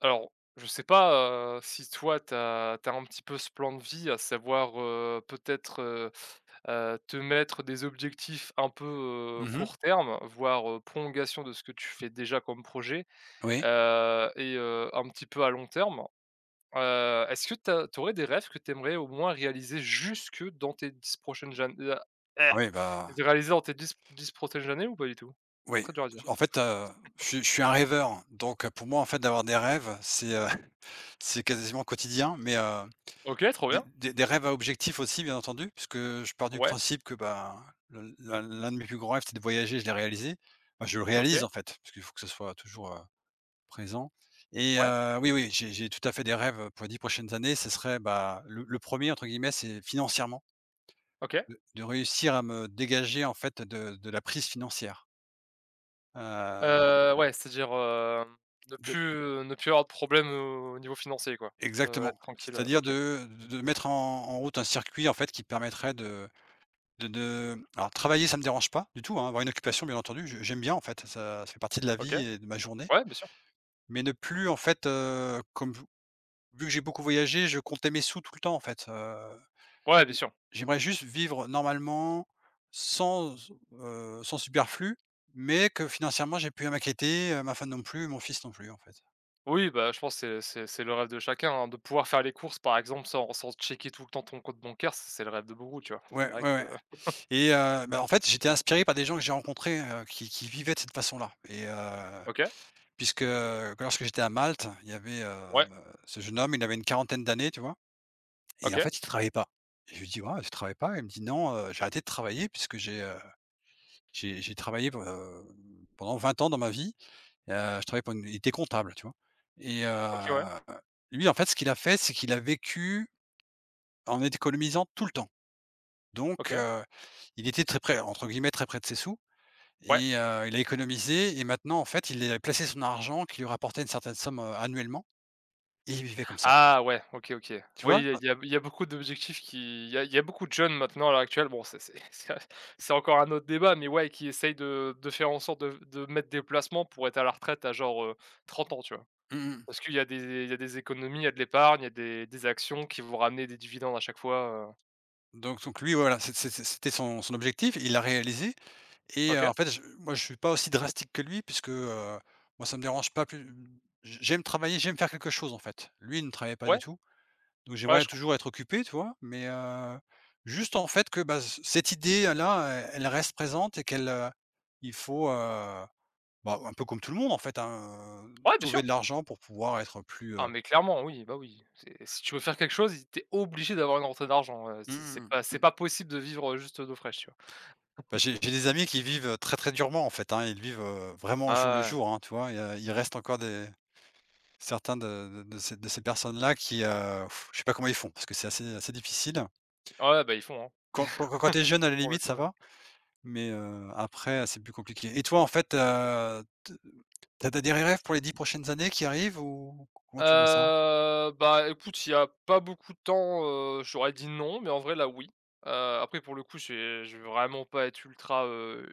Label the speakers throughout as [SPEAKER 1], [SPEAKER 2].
[SPEAKER 1] Alors, je sais pas, heu, si toi tu as tu as un petit peu ce plan de vie à savoir, heu, peut-être, heu heu, te mettre des objectifs un peu, heu,
[SPEAKER 2] Mmh mh.
[SPEAKER 1] court terme, voire, heu, prolongation de ce que tu fais déjà comme projet?
[SPEAKER 2] Ouais.
[SPEAKER 1] Heu et heu, un petit peu à long terme. Heu, est-ce que tu as tu aurais des rêves que tu aimerais au moins réaliser jusque dans tes 10 prochaines ja a eh!
[SPEAKER 2] Ouais, bah
[SPEAKER 1] De réaliser en tes 10- 10 protèges années ou pas du tout?
[SPEAKER 2] Oui
[SPEAKER 1] Très dur à dire.
[SPEAKER 2] en fait, heu, je suis je suis un rêveur donc, heu, pour moi en fait d'avoir des rêves, c'est, heu, c'est quasiment quotidien. Mais, heu,
[SPEAKER 1] OK, trop bien.
[SPEAKER 2] des des rêves à objectif aussi bien entendu puisque je pars du
[SPEAKER 1] Ouais.
[SPEAKER 2] principe que, ben, l'un l'un de mes plus grands rêves c'est de voyager, je l'ai réalisé. Ben, je le réalise,
[SPEAKER 1] OK.
[SPEAKER 2] en fait, parce qu'il faut que ce soit toujours, heu, présent et
[SPEAKER 1] Ouais.
[SPEAKER 2] heu, oui, oui j'ai j'ai tout à fait des rêves, heu, pour les 10 prochaines années ce serait, bah, le le 1er entre guillemets c'est «financièrement»
[SPEAKER 1] OK.
[SPEAKER 2] de de réussir à me dégager, en fait, de de la prise financière. Heu
[SPEAKER 1] Heu, ouais, c'est-à-dire, hem, de
[SPEAKER 2] de
[SPEAKER 1] plus ne plus avoir de problème au au niveau financier quoi? Heu, être
[SPEAKER 2] Exactement,
[SPEAKER 1] tranquille, heu,
[SPEAKER 2] c'est-à-dire
[SPEAKER 1] OK.
[SPEAKER 2] de de de mettre en en route un circuit, en fait, qui permettrait de de de alors travailler ça me dérange pas du tout, hein, avoir une occupation bien entendu, je j'aime bien, en fait, ça ça fait partie de la
[SPEAKER 1] OK.
[SPEAKER 2] vie et de ma journée.
[SPEAKER 1] Ouais, bien sûr.
[SPEAKER 2] Mais ne plus en fait, heu, comme vu vu que j'ai beaucoup voyagé je comptais mes sous tout le temps en fait, heu.
[SPEAKER 1] Ouais, bien
[SPEAKER 2] J
[SPEAKER 1] sûr.
[SPEAKER 2] j'aimerais juste vivre normalement sans, s heu, sans superflu mais que financièrement j'ai plus à m'inquiéter, heu, ma femme non plus, mon fils non plus en fait.
[SPEAKER 1] Oui, bah, je pense c'est c'est c'est le rêve de chacun, hein, de pouvoir faire les courses, par exemple, sans sans checker tout le temps ton compte bancaire, c c'est le rêve de beaucoup, tu vois? C'est
[SPEAKER 2] Ouais,
[SPEAKER 1] vrai
[SPEAKER 2] ouais,
[SPEAKER 1] que
[SPEAKER 2] ouais et heu, bah, en fait j'étais inspiré par des gens que j'ai rencontré, heu, qui qui vivaient de cette façon-là et heu,
[SPEAKER 1] OK.
[SPEAKER 2] puisque, heu, lorsque j'étais à Malte, il y avait, heu heu,
[SPEAKER 1] Ouais.
[SPEAKER 2] ce jeune homme, il avait une quarantaine d'années, tu vois? Et en
[SPEAKER 1] OK.
[SPEAKER 2] fait il travaillait pas. Je lui dis: «Waouh, tu travailles pas?», il me dit: «Non, heu, j'ai arrêté de travailler puisque j'ai, heu, j'ai j'ai travaillé p heu, pendant 20 ans dans ma vie et heu, je travaillais pour une» il était comptable tu vois? Et heu
[SPEAKER 1] OK, Ouais.
[SPEAKER 2] heu, lui en fait ce qu'il a fait c'est qu'il a vécu en économisant tout le temps. Donc
[SPEAKER 1] OK.
[SPEAKER 2] heu, il était très près entre guillemets «très près de ses sous»
[SPEAKER 1] Ouais.
[SPEAKER 2] et heu, il a économisé et maintenant en fait, il est, heu, placé son argent qui lui rapportait une certaine somme, heu, annuellement et il vivait comme ça.
[SPEAKER 1] Ah ouais, OK, OK.
[SPEAKER 2] Tu
[SPEAKER 1] Oui
[SPEAKER 2] vois?
[SPEAKER 1] il y a
[SPEAKER 2] Ah
[SPEAKER 1] il y a il y a beaucoup d'objectifs qui il y a il y a beaucoup de jeunes maintenant à l'heure actuelle bon ça c'est ça, c'est c'est encore un autre débat, mais, ouais, qui essayent de de faire en sorte de f de mettre des placements pour être à la retraite à genre, heu, 30 ans, tu vois?
[SPEAKER 2] Mmh mh.
[SPEAKER 1] Parce qu'il y a des é il y a des économies, il y a de l'épargne, il y a des des actions qui vont ramener des dividendes à chaque fois, heu.
[SPEAKER 2] Donc donc lui voilà c'est c'est c'était son son objectif. Il l'a réalisé et heu, en
[SPEAKER 1] OK.
[SPEAKER 2] fait j moi je suis pas aussi drastique que lui puisque, heu, moi ça me dérange pas plus j j'aime travailler j'aime faire quelque chose en fait. Lui il ne travaillait pas du
[SPEAKER 1] Ouais.
[SPEAKER 2] tout. Donc
[SPEAKER 1] Ouais,
[SPEAKER 2] j'aimerais
[SPEAKER 1] je comprends.
[SPEAKER 2] toujours être occupé, tu vois? Mais, heu, juste en fait que, bah, ce cette idée-là elle elle reste présente et qu'elle, heu il faut, heu, bah, un peu comme tout le monde en fait, hein, heu,
[SPEAKER 1] Ouais, bien
[SPEAKER 2] trouver
[SPEAKER 1] sûr.
[SPEAKER 2] de l'argent pour pouvoir être plus,
[SPEAKER 1] Ah,
[SPEAKER 2] heu
[SPEAKER 1] mais clairement oui, bah, oui. C'est si tu veux faire quelque chose, i tu es obligé d'avoir une rentrée d'argent, heu.
[SPEAKER 2] Mmh
[SPEAKER 1] C'est c'est c'est
[SPEAKER 2] mmh
[SPEAKER 1] pas
[SPEAKER 2] mh.
[SPEAKER 1] c'est
[SPEAKER 2] Mmh.
[SPEAKER 1] pas possible de vivre, heu, juste, heu, d'eau fraîche. Tu vois?
[SPEAKER 2] Bah, j'ai j'ai des amis qui vivent, heu, très, très durement en fait, hein, ils vivent, heu, vraiment
[SPEAKER 1] Ah
[SPEAKER 2] au jour le
[SPEAKER 1] ouais, ouais.
[SPEAKER 2] jour, hein, tu vois? Il y a il reste encore des certains de de de ces de ces personnes-là qui, heu, f je sais pas comment ils font parce que c'est assez assez difficile.
[SPEAKER 1] Ah ouais, bah, ils font, hein.
[SPEAKER 2] Quand quand quand tu es jeune à
[SPEAKER 1] Bah,
[SPEAKER 2] la
[SPEAKER 1] pour le
[SPEAKER 2] limite
[SPEAKER 1] coup,
[SPEAKER 2] ça
[SPEAKER 1] heu.
[SPEAKER 2] va, mais, heu, après, heu, c'est plus compliqué et toi en fait, heu, te tu as des des rêves pour les 10 prochaines années qui arrivent ou comment tu vois ça?
[SPEAKER 1] Heu, bah, écoute s'il y a pas beaucoup de temps, heu, j'aurais dit: «Non», mais en vrai là, oui. Heu, après pour le coup j'ai je veux vraiment pas être ultra, heu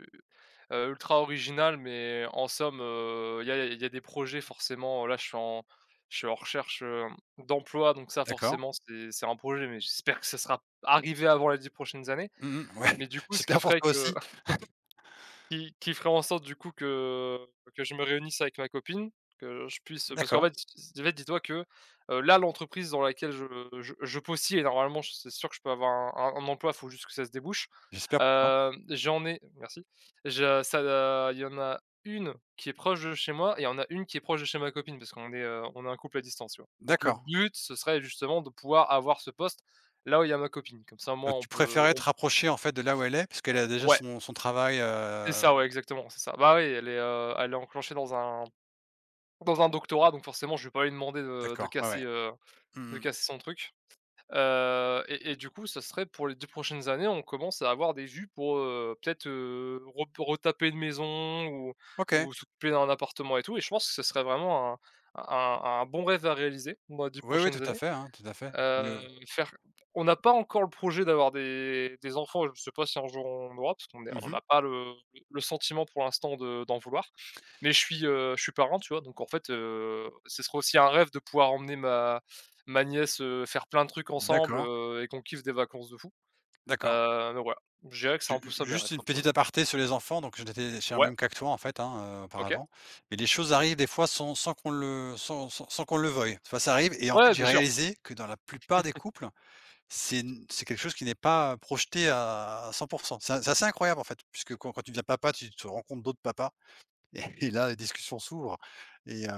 [SPEAKER 1] heu, ultra original mais en somme, heu, il y a il y a il y a des projets forcément, heu là je suis en je suis en recherche, hem, d'emploi. Donc ça
[SPEAKER 2] D'accord.
[SPEAKER 1] forcément c'est c'est un projet mais j'espère que ce sera arrivé avant les 10 prochaines années.
[SPEAKER 2] Mmh mh ouais,
[SPEAKER 1] Mais du coup, ce qui
[SPEAKER 2] j'espère pour
[SPEAKER 1] ferait
[SPEAKER 2] toi
[SPEAKER 1] que
[SPEAKER 2] aussi.
[SPEAKER 1] qui qui ferait en sorte, du coup, que que je me réunisse avec ma copine, que je puisse parce qu'en
[SPEAKER 2] D'accord.
[SPEAKER 1] fait ss si tu en fait, dis-toi que, heu, là l'entreprise dans laquelle je je je postier normalement je c'est sûr que je peux avoir un un emploi, faut juste que ça se débouche.
[SPEAKER 2] J'espère pour toi.
[SPEAKER 1] Hem, j'en ai merci. Je ça da il y en a 1 qui est proche de chez moi et il y en a 1 qui est proche de chez ma copine. Parce qu'on est, heu, on est un couple à distance, tu vois? Donc le
[SPEAKER 2] D'accord.
[SPEAKER 1] but ce serait justement de pouvoir avoir ce poste, là où il y a ma copine. Comme ça au
[SPEAKER 2] Donc
[SPEAKER 1] moins on
[SPEAKER 2] tu
[SPEAKER 1] peut,
[SPEAKER 2] préférerais te
[SPEAKER 1] on
[SPEAKER 2] rapprocher en fait de là où elle est parce qu'elle a déjà
[SPEAKER 1] ouais.
[SPEAKER 2] son son travail,
[SPEAKER 1] C'est
[SPEAKER 2] heu?
[SPEAKER 1] ça, ouais, exactement, c'est ça. Bah, oui elle est, heu, elle est enclenchée dans un dans un doctorat donc, forcément, je vais pas lui demander de de
[SPEAKER 2] D'accord ouais,
[SPEAKER 1] casser,
[SPEAKER 2] ouais.
[SPEAKER 1] heu, de
[SPEAKER 2] Mmh mh.
[SPEAKER 1] casser son truc. Heu et et du coup, ça serait pour les 10 prochaines années on commence à avoir des vues pour, heu, peut-être, heu, rep pour retaper une maison ou
[SPEAKER 2] OK.
[SPEAKER 1] ou s'occuper d'un appartement et tout et je pense que ce serait vraiment un un un un bon rêve à réaliser dans les 10
[SPEAKER 2] Oui, oui,e
[SPEAKER 1] prochaines
[SPEAKER 2] tout à
[SPEAKER 1] années.
[SPEAKER 2] fait, hein, tout à fait i
[SPEAKER 1] Heu,
[SPEAKER 2] heu.
[SPEAKER 1] faire on n'a pas encore le projet d'avoir des des enfants, je sais pas si on jour on en aura, parce qu'on est
[SPEAKER 2] Mmh
[SPEAKER 1] on
[SPEAKER 2] mh.
[SPEAKER 1] n'a pas le le sentiment pour l'instant de d'en vouloir. Mais je suis, heu, je suis parrain, tu vois, donc en fait, heu, ce serait aussi un rêve de pouvoir emmener ma ma nièce, heu, faire plein de trucs ensemble,
[SPEAKER 2] D'accord.
[SPEAKER 1] heu et qu'on kiffe des vacances de fou.
[SPEAKER 2] D'accord.
[SPEAKER 1] Heu, donc voilà. Je dirais que c'est
[SPEAKER 2] Ju
[SPEAKER 1] un peu
[SPEAKER 2] u
[SPEAKER 1] ça mes
[SPEAKER 2] juste
[SPEAKER 1] rêves
[SPEAKER 2] une
[SPEAKER 1] quoi, pour le coup.
[SPEAKER 2] petite aparté sur les enfants, donc j'en étais je suis dans le
[SPEAKER 1] Ouais.
[SPEAKER 2] même cas que toi, en fait, hein,
[SPEAKER 1] OK.
[SPEAKER 2] auparavant. Mais les choses arrivent des fois sans sans qu'on le sans sans sans qu'on le veuille. Des fois ça arrive et en fait,
[SPEAKER 1] Ouais,
[SPEAKER 2] j'ai
[SPEAKER 1] bien sûr.
[SPEAKER 2] réalisé que dans la plupart des couples, c'est n c'est quelque chose qui n'est pas, heu, projeté à à à 100 %. C'est c'est assez incroyable en fait, puisque quand quand tu deviens papa tu tu rencontres d'autres papas et là les les discussions s'ouvrent et heu,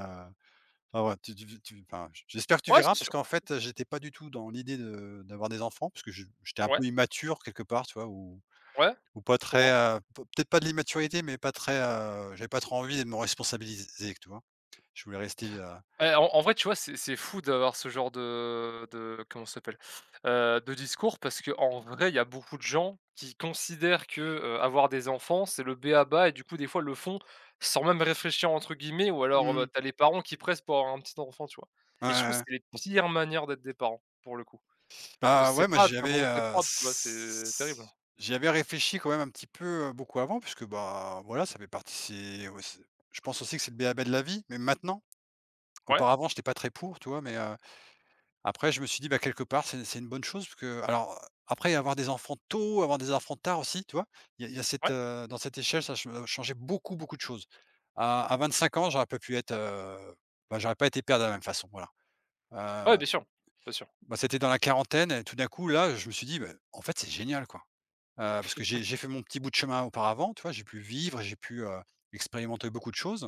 [SPEAKER 2] enfin ouais tu tu tu enfin j'espère que tu
[SPEAKER 1] Ouais,
[SPEAKER 2] verras
[SPEAKER 1] c'est
[SPEAKER 2] parce
[SPEAKER 1] sûr.
[SPEAKER 2] qu'en fait, heu, j'étais pas du tout dans l'idée de d'avoir des enfants puisque je j'étais un
[SPEAKER 1] Ouais.
[SPEAKER 2] peu immature quelque part, tu vois? Ou
[SPEAKER 1] Ouais,
[SPEAKER 2] ou pas
[SPEAKER 1] je
[SPEAKER 2] très,
[SPEAKER 1] comprends.
[SPEAKER 2] heu, peut-être pas de l'immaturité mais pas très, heu, j'avais pas trop envie de me responsabiliser, tu vois? Je voulais rester heu
[SPEAKER 1] Et en en vrai tu vois c'est c'est fou d'avoir ce genre de de, comment ça s'appelle? Heu, de discours parce qu'en vrai il y a beaucoup de gens qui considèrent que, heu, avoir des enfants c'est le b.a.-ba et du coup des fois le font sans même réfléchir entre guillemets ou alors,
[SPEAKER 2] Mmh
[SPEAKER 1] heu, bah,
[SPEAKER 2] mh.
[SPEAKER 1] tu as les parents qui pressent pour avoir un petit enfant tu vois?
[SPEAKER 2] Ouais,
[SPEAKER 1] Et je
[SPEAKER 2] ouais,
[SPEAKER 1] trouve
[SPEAKER 2] ouais.
[SPEAKER 1] c'est les pires manières d'être des parents, pour le coup. Parce
[SPEAKER 2] Bah,
[SPEAKER 1] que c'est
[SPEAKER 2] ouais, mais
[SPEAKER 1] pas
[SPEAKER 2] j'y
[SPEAKER 1] ta
[SPEAKER 2] avais,
[SPEAKER 1] volonté
[SPEAKER 2] heu,
[SPEAKER 1] propre, tu vois? C'est terrible.
[SPEAKER 2] s j'y avais réfléchi quand même un petit peu, heu, beaucoup avant puisque, bah, voilà ça fait partie aussi je pense aussi que c'est le b.a.-ba de la vie, mais maintenant.
[SPEAKER 1] Ouais.
[SPEAKER 2] Auparavant j'étais pas très pour, tu vois? Mais, heu, après je me suis dit: «Bah, quelque part c'est c'est une bonne chose puisque alors, après avoir des enfants tôt, avoir des enfants tard aussi, tu vois? Il y a il y a cette,
[SPEAKER 1] Ouais.
[SPEAKER 2] heu dans cette échelle ça che changeait beaucoup beaucoup de choses. À à 25 ans j'aurais pas pu être, heu. Bah, j'aurais pas été père de la même façon voilà.
[SPEAKER 1] Ouais,
[SPEAKER 2] Heu
[SPEAKER 1] bien sûr, bien sûr.
[SPEAKER 2] bah, c'était dans la quarantaine et tout d'un coup là je me suis dit: «Beh, en fait c'est génial, quoi. Heu, parce que j'ai j'ai fait mon petit bout de chemin auparavant, tu vois? J'ai pu vivre, j'ai pu, heu, expérimenter beaucoup de choses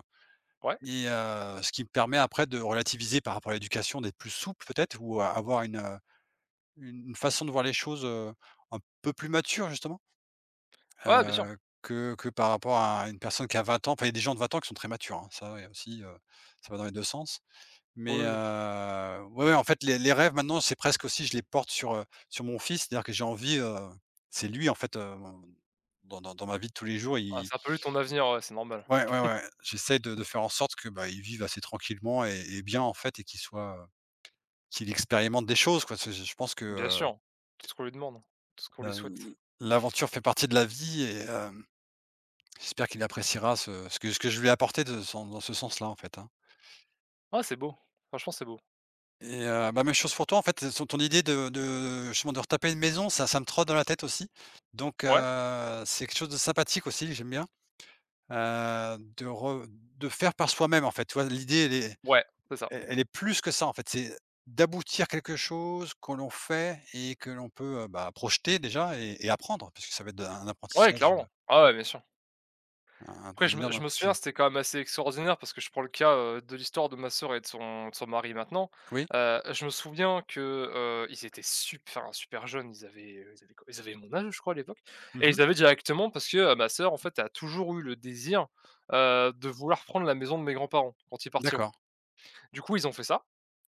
[SPEAKER 1] Ouais.
[SPEAKER 2] et heu, ce qui me permet après de relativiser par rapport à l'éducation, d'être plus souple, peut-être. Ou a avoir une, heu, une façon de voir les choses, heu, un peu plus mature justement,
[SPEAKER 1] Ouais, ouais, bien sûr.
[SPEAKER 2] heu, que que par rapport à une personne qui a 20 ans. Enfin il y a des gens de 20 ans qui sont très matures, hein, ça, ouais, aussi, heu, ça va dans les 2 sens. Mais,
[SPEAKER 1] Oui, oui.
[SPEAKER 2] heu, ouais, ouais en fait les les rêves maintenant c'est presque aussi je les porte sur, heu, sur mon fils, c'est-à-dire que j'ai envie, heu c'est lui en fait, heu, dans dans ma vie de tous les jours il
[SPEAKER 1] Ah
[SPEAKER 2] il
[SPEAKER 1] ça pollue ton avenir, ouais, c'est normal.
[SPEAKER 2] Ouais, ouais, ouais j'essaie de de faire en sorte que, bah, il vive assez tranquillement et et bien en fait et qu'il soit, heu, qu'il expérimente des choses quoi, c'est c'est je pense que,
[SPEAKER 1] Bien
[SPEAKER 2] heu
[SPEAKER 1] sûr, tout ce qu'on lui demande, hein. Tout ce qu'on
[SPEAKER 2] heu,
[SPEAKER 1] lui
[SPEAKER 2] l
[SPEAKER 1] souhaite.
[SPEAKER 2] l l'aventure fait partie de la vie et hem, j'espère qu'il appréciera ce ce que ce que je lui ai apporté de sans dans ce sens-là en fait, hein.
[SPEAKER 1] Oh c'est beau, franchement c'est beau.
[SPEAKER 2] Et heu, bah, même chose pour toi en fait, elle son ton idée de de justement de retaper une maison, ça ça me trotte dans la tête aussi. Donc
[SPEAKER 1] Ouais.
[SPEAKER 2] heu, c'est quelque chose de sympathique aussi, j'aime bien. Heu, de re de faire par soi-même en fait, tu vois? L'idée elle est
[SPEAKER 1] Ouais, c'est ça
[SPEAKER 2] el elle est plus que ça en fait, c'est d'aboutir quelque chose que l'on fait et que l'on peut, heu, bah, projeter déjà et et apprendre. Puisque ça va être de un
[SPEAKER 1] Ouais,
[SPEAKER 2] apprentissage de
[SPEAKER 1] clairement. Ah ouais bien sûr.
[SPEAKER 2] un
[SPEAKER 1] Après
[SPEAKER 2] d'un
[SPEAKER 1] je me
[SPEAKER 2] énorme
[SPEAKER 1] je me souviens
[SPEAKER 2] apprentissage.
[SPEAKER 1] c'était quand même assez extraordinaire parce que je prends le cas, heu, de l'histoire de ma sœur et de son de son mari maintenant.
[SPEAKER 2] Oui.
[SPEAKER 1] Heu, je me souviens que, heu, ils étaient sup enfin super jeunes. Ils avaient, heu, ils avaient combien? Ils avaient mon âge, je crois, à l'époque et
[SPEAKER 2] Mmh mh.
[SPEAKER 1] ils avaient directement parce que, heu, ma sœur, en fait, elle a toujours eu le désir, heu, de vouloir prendre la maison de mes grands-parents quand ils partiront.
[SPEAKER 2] D'accord.
[SPEAKER 1] Du coup, ils ont fait ça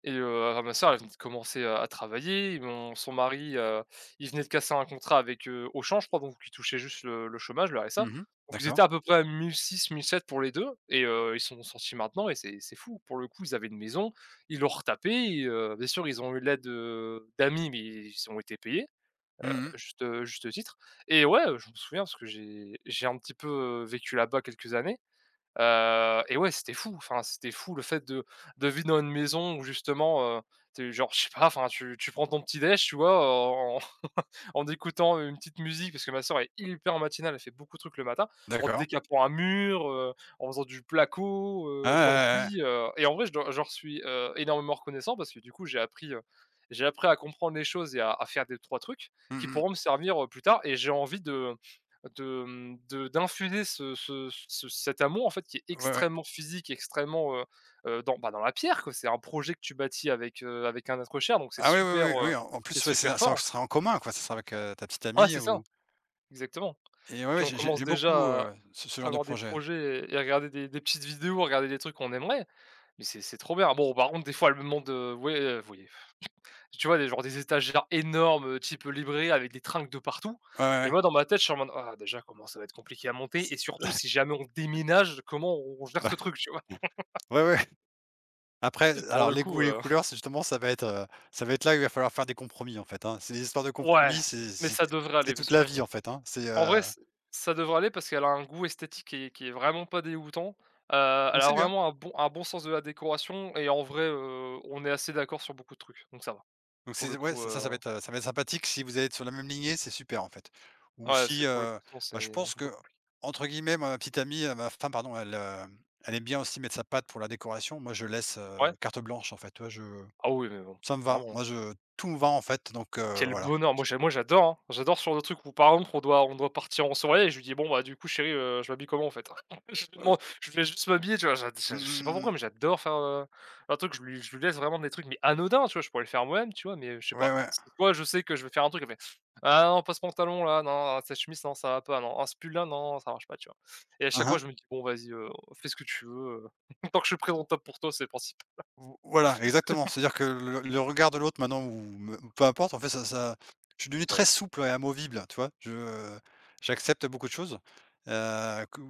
[SPEAKER 1] et heu, alors ma sœur, elle venait de commencer à à travailler, mon son mari, heu, il venait de casser un contrat avec, heu, Auchan, je crois donc qu'il touchait juste le le chômage, le RSA.
[SPEAKER 2] Mmh mh,
[SPEAKER 1] Donc ils étaient
[SPEAKER 2] d'accord.
[SPEAKER 1] à peu près à 1006-1007 pour les 2 et heu, ils sont sont sortis maintenant et c'est c'est fou. Pour le coup, ils avaient une maison, ils l'ont retapée et heu, bien sûr ils ont eu l'aide, heu, d'amis, mais ils ont été payés. Heu,
[SPEAKER 2] Mmh mh.
[SPEAKER 1] à juste, heu, juste titre et ouais, heu, je me souviens parce que j'ai j'ai un petit peu, heu, vécu là-bas quelques années. Heu et ouais c'était fou, enfin c'était fou le fait de de vivre dans une maison où justement, heu, tu es genre, je sais pas, enfin tu tu prends ton petit déj, tu vois en en écoutant une petite musique- parce que ma sœur est hyper matinale elle fait beaucoup de trucs le matin, en
[SPEAKER 2] D'accord.
[SPEAKER 1] décapant un mur, heu, en faisant du placo,
[SPEAKER 2] Ah
[SPEAKER 1] heu, de
[SPEAKER 2] ouais, ouais, ouais.
[SPEAKER 1] l'enduit, heu et en vrai je dois je leur suis, heu, énormément reconnaissant parce que du coup, j'ai appris, heu, j'ai appris à comprendre les choses et à à faire des 3 trucs
[SPEAKER 2] Mmh
[SPEAKER 1] qui
[SPEAKER 2] mh.
[SPEAKER 1] pourront me servir, heu, plus tard et j'ai envie de, heu, de, hem, de hem, d'infuser ce ce ce cet amour en fait qui est
[SPEAKER 2] Ouais, ouais.
[SPEAKER 1] extrêmement physique extrêmement, heu heu, dans, bah, dans la pierre, quoi. C'est un projet que tu bâtis avec, heu, avec un être cher donc c'est
[SPEAKER 2] Ah oui,
[SPEAKER 1] super,
[SPEAKER 2] oui, oui,
[SPEAKER 1] heu,
[SPEAKER 2] oui, en en
[SPEAKER 1] c'est
[SPEAKER 2] plus, ouais, c'est
[SPEAKER 1] super
[SPEAKER 2] un ça
[SPEAKER 1] fort.
[SPEAKER 2] ce sera en commun quoi, c'est ça sera avec, heu, ta petite
[SPEAKER 1] Ouais,
[SPEAKER 2] amie,
[SPEAKER 1] c'est ça,
[SPEAKER 2] ou
[SPEAKER 1] exactement.
[SPEAKER 2] Et ouais,
[SPEAKER 1] Puis
[SPEAKER 2] ouais
[SPEAKER 1] on
[SPEAKER 2] j'ai
[SPEAKER 1] commence
[SPEAKER 2] j'aime beaucoup,
[SPEAKER 1] déjà à
[SPEAKER 2] heu, ce ce genre de
[SPEAKER 1] avoir des
[SPEAKER 2] projet.
[SPEAKER 1] projets et et à regarder des des petites vidéos, à regarder des trucs qu'on aimerait. Mais c'est c'est trop bien. Bon, par contre elle me demande de ouais, heu, f voyez tu vois des genres des étagères énormes, heu, type, heu, librairie avec des tringles de partout
[SPEAKER 2] Ouais, ouais,
[SPEAKER 1] et
[SPEAKER 2] ouais.
[SPEAKER 1] moi, dans ma tête je suis en mode: «Ah déjà, comment ça va être compliqué à monter et surtout si jamais on déménage comment on on gère
[SPEAKER 2] Ouais.
[SPEAKER 1] ce truc?» Tu vois?
[SPEAKER 2] Ouais, ouais. Après
[SPEAKER 1] Pour
[SPEAKER 2] alors
[SPEAKER 1] le
[SPEAKER 2] les goûts
[SPEAKER 1] coup,
[SPEAKER 2] et les
[SPEAKER 1] heu
[SPEAKER 2] couleurs c'est justement ça va être, heu, ça va être là où il va falloir faire des compromis en fait, hein. C'est des histoires de
[SPEAKER 1] Ouais.
[SPEAKER 2] compromis, c'est
[SPEAKER 1] Mais
[SPEAKER 2] c'est
[SPEAKER 1] ça devrait
[SPEAKER 2] c'est
[SPEAKER 1] aller parce
[SPEAKER 2] toute la
[SPEAKER 1] qu'on
[SPEAKER 2] vie en fait, hein, c'est,
[SPEAKER 1] en vrai
[SPEAKER 2] heu
[SPEAKER 1] ç ça devrait aller parce qu'elle a un goût esthétique qui est qui est vraiment pas dégoûtant. Heu, elle
[SPEAKER 2] Mais
[SPEAKER 1] a
[SPEAKER 2] c'est bien.
[SPEAKER 1] vraiment un bon un bon sens de la décoration et en vrai, heu, on est assez d'accord sur beaucoup de trucs, donc ça va
[SPEAKER 2] Donc
[SPEAKER 1] pour
[SPEAKER 2] c'est
[SPEAKER 1] le
[SPEAKER 2] ouais
[SPEAKER 1] coup,
[SPEAKER 2] ça
[SPEAKER 1] heu
[SPEAKER 2] ça va être, heu, ça va être sympathique si vous allez être sur la même lignée, c'est super en fait. Ou
[SPEAKER 1] Ouais
[SPEAKER 2] si,
[SPEAKER 1] c'est pour le
[SPEAKER 2] heu,
[SPEAKER 1] coup sinon
[SPEAKER 2] enfin je
[SPEAKER 1] c'est
[SPEAKER 2] pense
[SPEAKER 1] un peu
[SPEAKER 2] que,
[SPEAKER 1] compliqué.
[SPEAKER 2] entre guillemets, ma petite amie, heu, ma femme pardon, elle, hem, elle aime bien aussi mettre sa patte pour la décoration. Moi je laisse, heu,
[SPEAKER 1] Ouais.
[SPEAKER 2] carte blanche, en fait. Tu vois je
[SPEAKER 1] Ah oui mais bon,
[SPEAKER 2] ça me va
[SPEAKER 1] clairement, hein.
[SPEAKER 2] moi je tout me va en fait donc heu,
[SPEAKER 1] Quel
[SPEAKER 2] voilà.
[SPEAKER 1] bonheur! Moi j'a moi j'adore, hein. J'adore sur le truc où par exemple on doit on doit partir en soirée et je lui dis: «Bon, bah, du coup chérie, heu, je m'habille comment en fait?» Je lui
[SPEAKER 2] [unintelligible]
[SPEAKER 1] demande, je vais juste m'habiller, tu vois? Genre je dis, enfin
[SPEAKER 2] Mmh
[SPEAKER 1] je sais
[SPEAKER 2] mh.
[SPEAKER 1] pas
[SPEAKER 2] Mmh
[SPEAKER 1] pourquoi
[SPEAKER 2] mh.
[SPEAKER 1] mais j'adore faire, heu, un truc, je lui je lui laisse vraiment des trucs mais, anodins tu vois? Je pourrais le faire moi-même. Tu vois? Mais, heu, je sais
[SPEAKER 2] Ouais,
[SPEAKER 1] pas.
[SPEAKER 2] ouais.
[SPEAKER 1] C des fois je sais que je vais faire un truc, elle fait: «Ah non pas ce pantalon-là, non. Ah cette chemise s non ça va pas. Ah ce pull-là non, ça marche pas». Tu vois? Et à chaque
[SPEAKER 2] Ah
[SPEAKER 1] fois
[SPEAKER 2] ah.
[SPEAKER 1] je me dis: «Bon vas-y, heu, fais ce que tu veux, heu, tant que je suis présentable pour toi c'est le principal».
[SPEAKER 2] V voilà exactement, c'est-à-dire que le le le regard de l'autre maintenant ou ou me peu importe en fait ça ça, je suis devenu très
[SPEAKER 1] Ouais.
[SPEAKER 2] souple et amovible, heu, tu vois? Je, heu, j'accepte beaucoup de choses. Heu, que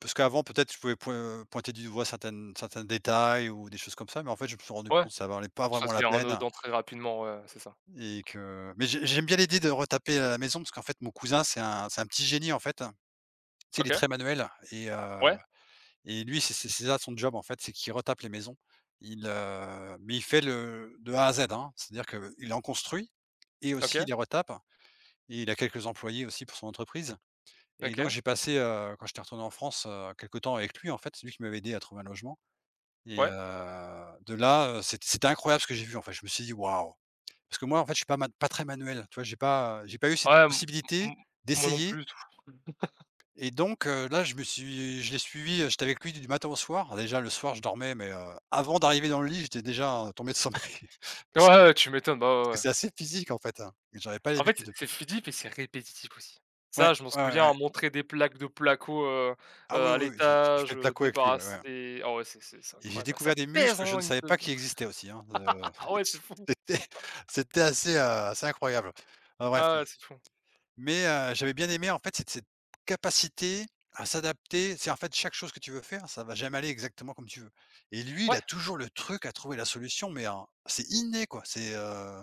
[SPEAKER 2] parce qu'avant peut-être je pouvais point pointer du doigt certaines certains détails ou des choses comme ça, mais en fait je me suis rendu
[SPEAKER 1] Ouais,
[SPEAKER 2] compte ça en valait pas
[SPEAKER 1] ça
[SPEAKER 2] vraiment la
[SPEAKER 1] devient
[SPEAKER 2] peine
[SPEAKER 1] anodin très rapidement, ouais, ouais c'est ça.
[SPEAKER 2] et que mais j'ai j'aime bien l'idée de retaper, heu, la maison parce qu'en fait mon cousin c'est un c'est un petit génie, en fait. Tu sais il est
[SPEAKER 1] OK.
[SPEAKER 2] très manuel et heu
[SPEAKER 1] Ouais.
[SPEAKER 2] et lui c'est c'est c'est ça son job, en fait. C'est qu'il retape les maisons, il, heu, mais il fait le de A à Z, hein, c'est-à-dire qu'il en construit et aussi il
[SPEAKER 1] OK.
[SPEAKER 2] les retape et il a quelques employés aussi pour son entreprise et donc
[SPEAKER 1] OK.
[SPEAKER 2] j'ai passé, heu, quand j'étais retourné en France, heu, quelque temps avec lui, en fait. C'est lui qui m'avait aidé à trouver un logement et heu,
[SPEAKER 1] Ouais.
[SPEAKER 2] de là, heu, c'est c'était incroyable ce que j'ai vu en fait je me suis dit: «Waouh!» Parce que moi en fait je suis pas man pas très manuel, tu vois? J'ai pas, heu, j'ai pas eu cette
[SPEAKER 1] Ouais m
[SPEAKER 2] possibilité
[SPEAKER 1] m moi non
[SPEAKER 2] d'essayer
[SPEAKER 1] plus, du tout.
[SPEAKER 2] et donc, heu, là je me suis je l'ai suivi, heu, j'étais avec lui du matin au soir. Déjà le soir je dormais, mais, heu, avant d'arriver dans le lit j'étais déjà, heu, tombé de sommeil,
[SPEAKER 1] Ouais,
[SPEAKER 2] parce que
[SPEAKER 1] ouais, ouais, tu m'étonnes, bah,
[SPEAKER 2] parce
[SPEAKER 1] ouais,
[SPEAKER 2] que
[SPEAKER 1] ouais.
[SPEAKER 2] c'est assez physique en fait, hein, mais j'avais pas
[SPEAKER 1] En fait, c'est
[SPEAKER 2] l'habitude.
[SPEAKER 1] c'est physique et c'est répétitif aussi.
[SPEAKER 2] Ouais,
[SPEAKER 1] Ça je m'en
[SPEAKER 2] ouais, ouais, ouais.
[SPEAKER 1] souviens. Montrer des plaques de placo, heu heu,
[SPEAKER 2] Ah oui,
[SPEAKER 1] à
[SPEAKER 2] oui, j'ai j'ai fait
[SPEAKER 1] l'étage,
[SPEAKER 2] le
[SPEAKER 1] heu,
[SPEAKER 2] placo avec lui, ouais,
[SPEAKER 1] débarrasser
[SPEAKER 2] ouais.
[SPEAKER 1] des oh ouais c'est c'est c'est
[SPEAKER 2] Et j'ai
[SPEAKER 1] incroyable. Bah, ça
[SPEAKER 2] découvert des muscles
[SPEAKER 1] pèse,
[SPEAKER 2] que je
[SPEAKER 1] hein,
[SPEAKER 2] ne
[SPEAKER 1] une.
[SPEAKER 2] savais pas
[SPEAKER 1] [unintelligible]
[SPEAKER 2] qu'ils existaient aussi, hein, heu.
[SPEAKER 1] Ah ouais, c'est fou.
[SPEAKER 2] C'était c'était assez, heu, assez incroyable. Enfin bref,
[SPEAKER 1] Ah
[SPEAKER 2] mmh.
[SPEAKER 1] ouais, c'est fou.
[SPEAKER 2] Mais, heu, j'avais bien aimé en fait cette cette capacité à s'adapter, tu sais? En fait chaque chose que tu veux faire ça va jamais aller exactement comme tu veux et lui il a
[SPEAKER 1] Ouais.
[SPEAKER 2] toujours le truc à trouver la solution, mais, heu, c'est inné quoi. C'est, heu,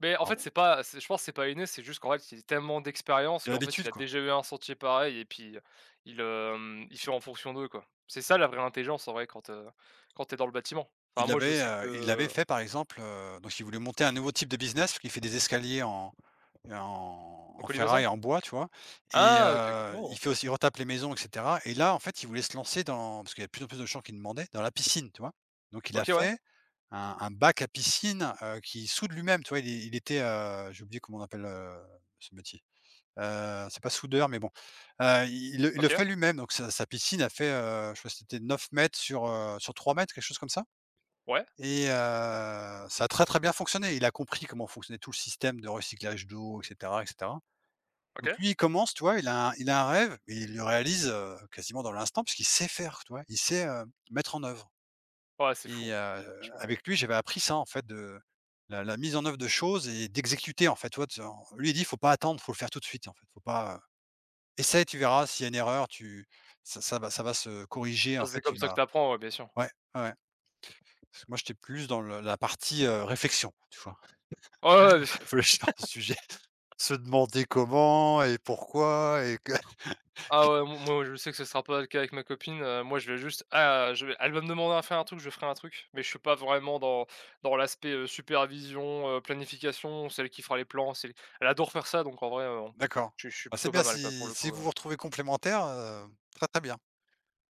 [SPEAKER 1] Beh, en fait
[SPEAKER 2] en
[SPEAKER 1] c'est pas c'est je pense c'est pas inné, c'est juste qu'en fait il a tellement d'expériences
[SPEAKER 2] Il a
[SPEAKER 1] qu'en fait
[SPEAKER 2] l'habitude
[SPEAKER 1] il
[SPEAKER 2] quoi.
[SPEAKER 1] déjà eu un sentier pareil et puis, heu, il il, hem, il fait en fonction d'eux quoi. C'est ça la vraie intelligence en vrai, quand, heu, quand tu es dans le bâtiment. Enfin
[SPEAKER 2] Il
[SPEAKER 1] moi je
[SPEAKER 2] avait,
[SPEAKER 1] sais
[SPEAKER 2] heu, il l'avait
[SPEAKER 1] que
[SPEAKER 2] fait par exemple, heu, donc il voulait monter un nouveau type de business, puisqu'il fait des escaliers en en
[SPEAKER 1] En
[SPEAKER 2] en
[SPEAKER 1] colimaçon?
[SPEAKER 2] ferraille, en bois, tu vois? Et
[SPEAKER 1] Ah OK, OK.
[SPEAKER 2] heu,
[SPEAKER 1] Oh!
[SPEAKER 2] il fait aussi, il retape les maisons et cetera et là en fait il voulait se lancer dans parce qu'il y a plus en plus de gens qui demandaient, dans la piscine, tu vois? Donc il a
[SPEAKER 1] OK, ouais.
[SPEAKER 2] fait un un bac à piscine, heu, qu'il soude lui-même, tu vois? Il il était, heu, j'ai oublié comment on appelle, heu, ce métier. Heu, c'est pas soudeur mais bon. Heu, il il le
[SPEAKER 1] OK.
[SPEAKER 2] fait lui-même donc sa sa piscine, elle fait, heu, je sais pas si c'était 9 m sur, heu, sur 3 m quelque chose comme ça
[SPEAKER 1] Ouais.
[SPEAKER 2] et heu, ça a très, très bien fonctionné. Il a compris comment fonctionnait tout le système de recyclage d'eau et cetera et cetera. Donc
[SPEAKER 1] OK.
[SPEAKER 2] lui il commence, tu vois, il a il a un rêve et il le réalise, heu, quasiment dans l'instant puisqu'il sait faire. Tu vois? Il sait, heu, mettre en œuvre
[SPEAKER 1] Ouais, c'est fou.
[SPEAKER 2] et heu,
[SPEAKER 1] Franchement heu
[SPEAKER 2] avec lui j'avais appris ça en fait de la la mise en œuvre de choses et d'exécuter en fait, tu vois? Tu en lui, il dit: «Faut pas attendre, faut le faire tout de suite en fait faut pas, heu essaye, tu verras s'il y a une erreur tu ça ça va ça va se corriger
[SPEAKER 1] Ah
[SPEAKER 2] en
[SPEAKER 1] c'est
[SPEAKER 2] fait,
[SPEAKER 1] comme
[SPEAKER 2] tu
[SPEAKER 1] ça que tu
[SPEAKER 2] vas»
[SPEAKER 1] apprends, ouais, bien sûr.
[SPEAKER 2] Ouais, ouais, ouais. Moi j'étais plus dans le la partie, heu, réflexion, tu vois?
[SPEAKER 1] Ouais, ouais, ouais,
[SPEAKER 2] Réfléchir à un sujet, se demander comment et pourquoi et que
[SPEAKER 1] Ah ouais m moi je sais que ça sera pas le cas avec ma copine, heu, moi je vais juste ah je vais elle va me demander à faire un truc, je ferai un truc. Mais je suis pas vraiment dans dans dans l'aspect, heu, supervision, heu, planification. C'est elle qui fera les plans, c'est elle adore faire ça, donc en vrai, heu,
[SPEAKER 2] D'accord,
[SPEAKER 1] je je suis
[SPEAKER 2] bah, c'est
[SPEAKER 1] plutôt pas
[SPEAKER 2] bien
[SPEAKER 1] mal quoi, pour
[SPEAKER 2] si
[SPEAKER 1] le
[SPEAKER 2] si
[SPEAKER 1] coup,
[SPEAKER 2] vous
[SPEAKER 1] heu
[SPEAKER 2] vous retrouvez complémentaires, heu, très, très bien.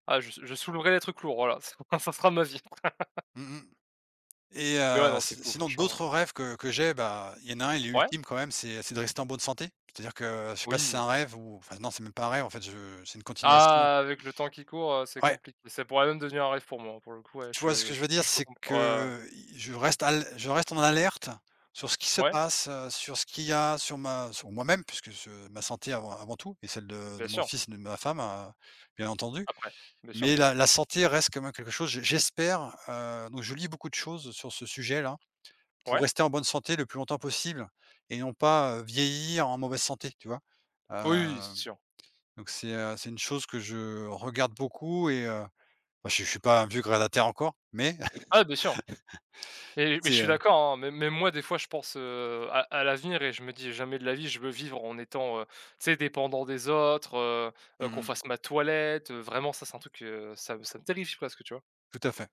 [SPEAKER 1] Ah je s je soulèverais des trucs lourds, voilà, ç ça sera ma vie.
[SPEAKER 2] Mmh mh. Et
[SPEAKER 1] Mais ouais,
[SPEAKER 2] heu,
[SPEAKER 1] non, c'est
[SPEAKER 2] si
[SPEAKER 1] fou,
[SPEAKER 2] sinon
[SPEAKER 1] franchement.
[SPEAKER 2] d'autres rêves que que j'ai, bah, il y en a un, il est
[SPEAKER 1] Ouais.
[SPEAKER 2] ultime quand même: c'est c'est de rester en bonne santé, c'est-à-dire que je sais pas si c'est
[SPEAKER 1] Oui.
[SPEAKER 2] un rêve ou enfin, non, c'est même pas un rêve, en fait, je c'est une continuation.
[SPEAKER 1] Ah! Avec le temps qui court, heu, c'est
[SPEAKER 2] Ouais.
[SPEAKER 1] compli ça pourrait même devenir un rêve pour moi, hein, pour le coup, ouais,
[SPEAKER 2] Tu vois ce
[SPEAKER 1] je
[SPEAKER 2] que je
[SPEAKER 1] je
[SPEAKER 2] veux
[SPEAKER 1] p
[SPEAKER 2] dire?
[SPEAKER 1] je peux
[SPEAKER 2] C'est
[SPEAKER 1] comp ouais, ouais.
[SPEAKER 2] que, i je reste à l je reste en alerte sur ce qui se
[SPEAKER 1] Ouais.
[SPEAKER 2] passe, heu, sur ce qu'il y a, sur ma sur moi-même puisque je ma santé avant avant tout et celle de
[SPEAKER 1] Bien
[SPEAKER 2] de mon
[SPEAKER 1] sûr.
[SPEAKER 2] fils et de ma femme, heu, bien entendu.
[SPEAKER 1] Après. Bien sûr.
[SPEAKER 2] Mais la la santé reste quand même quelque chose j'e j'espère, heu, donc je lis beaucoup de choses sur ce sujet, là, pour
[SPEAKER 1] Ouais.
[SPEAKER 2] rester en bonne santé le plus longtemps possible et non pas, heu, vieillir en mauvaise santé, tu vois?
[SPEAKER 1] Oui,
[SPEAKER 2] Heu,
[SPEAKER 1] c'est sûr.
[SPEAKER 2] donc, c'est, heu, c'est une chose que je regarde beaucoup et heu bon, je suis je suis pas un vieux grabataire encore, mais
[SPEAKER 1] Ah bien sûr. Mais mais je
[SPEAKER 2] c'est,
[SPEAKER 1] suis
[SPEAKER 2] heu.
[SPEAKER 1] d'accord, hein, mê même moi, des fois, je pense, heu, à à l'avenir et je me dis: «Jamais de la vie je veux vivre en étant, heu, tu sais, dépendant des autres, heu heu,
[SPEAKER 2] Mmh
[SPEAKER 1] qu'on
[SPEAKER 2] mh.
[SPEAKER 1] fasse ma toilette, heu», vraiment ça c'est un truc, heu, ça me ça me terrifie presque, tu vois?
[SPEAKER 2] Tout à fait.